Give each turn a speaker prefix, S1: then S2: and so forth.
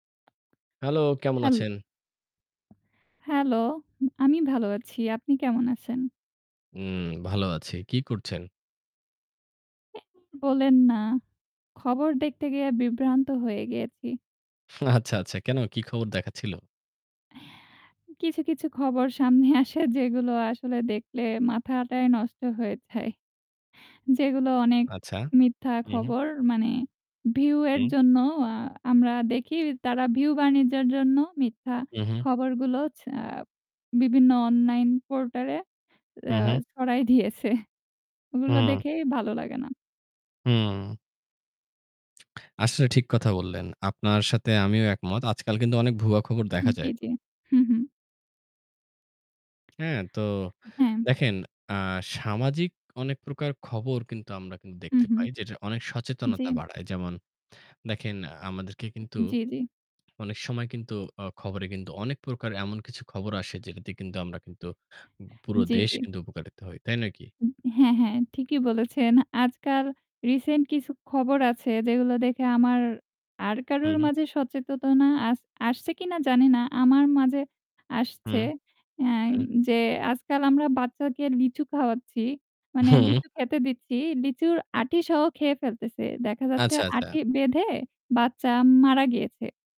S1: Hello কেমন
S2: হ্যাল
S1: আছেন?
S2: Hello. আমি ভালো আছি। আপনি কেমন আছেন?
S1: হুম, ভালো আছি। কি করছেন?
S2: অ্যাঁ বলেন না। খবর দেখতে গিয়ে বিভ্রান্ত হয়ে গিয়েছি।
S1: আচ্ছা, আচ্ছা কেন? কি খবর দেখাচ্ছিল?
S2: কিছু, কিছু খবর সামনে আসে যেগুলো আসলে দেখলে মাথাটাই নষ্ট হয়ে যায়। যেগুলো অনেক
S1: আচ্ছা।
S2: মিথ্যা
S1: উহু।
S2: খবর মানে ভিউ এর
S1: হুম।
S2: জন্য অ্যা আমরা দেখি তারা ভিউ বাণিজ্যের জন্য মিথ্যা
S1: উহু।
S2: খবরগুলো ছ বিভিন্ন অনলাইন পোর্টালে
S1: হু,
S2: আ
S1: হু।
S2: ছড়াই দিয়েছে। ওগুলো
S1: হু।
S2: দেখেই ভালো লাগে না।
S1: হুম। আসলে ঠিক কথা বললেন। আপনার সাথে আমিও একমত। আজকাল কিন্তু অনেক ভুয়া খবর দেখা
S2: জি,
S1: যায়।
S2: জি, হু, হু।
S1: হ্যাঁ তো
S2: হ্যাঁ।
S1: দেখেন অ্যা সামাজিক অনেক প্রকার খবর কিন্তু আমরা
S2: হু,
S1: দেখতে
S2: হু।
S1: পাই যেটা অনেক
S2: জ্বী।
S1: সচেতনতা বাড়ায়। যেমন দেখেন আমাদেরকে কিন্তু
S2: জ্বী, জ্বী।
S1: অনেক সময় কিন্তু অ্যা খবরে কিন্তু অনেক প্রকার এমন কিছু খবর আসে যেটাতে কিন্তু আমরা কিন্তু পুরো
S2: জ্বী,
S1: দেশ
S2: জ্বী।
S1: কিন্তু উপকারিত হই। তাই নয় কি?
S2: হ্যাঁ, হ্যাঁ ঠিকই বলেছেন। আজকাল রিসেন্ট কিছু খবর আছে যেগুলো দেখে আমার আর
S1: হু,
S2: কারুর
S1: হু।
S2: মাঝে সচেতনা আস আসছে কিনা জানি না। আমার মাঝে আসছে
S1: হুম,
S2: আ
S1: হুম।
S2: যে, আজকাল আমরা বাচ্চাকে লিচু খাওয়াচ্ছি। মানে
S1: হুম।
S2: লিচু খেতে দিচ্ছি লিচুর আটি সহ খেয়ে ফেলতেছে। দেখা যাচ্ছে
S1: আচ্ছা, আচ্ছা।
S2: আঁটি বেঁধে বাচ্চা মারা গিয়েছে।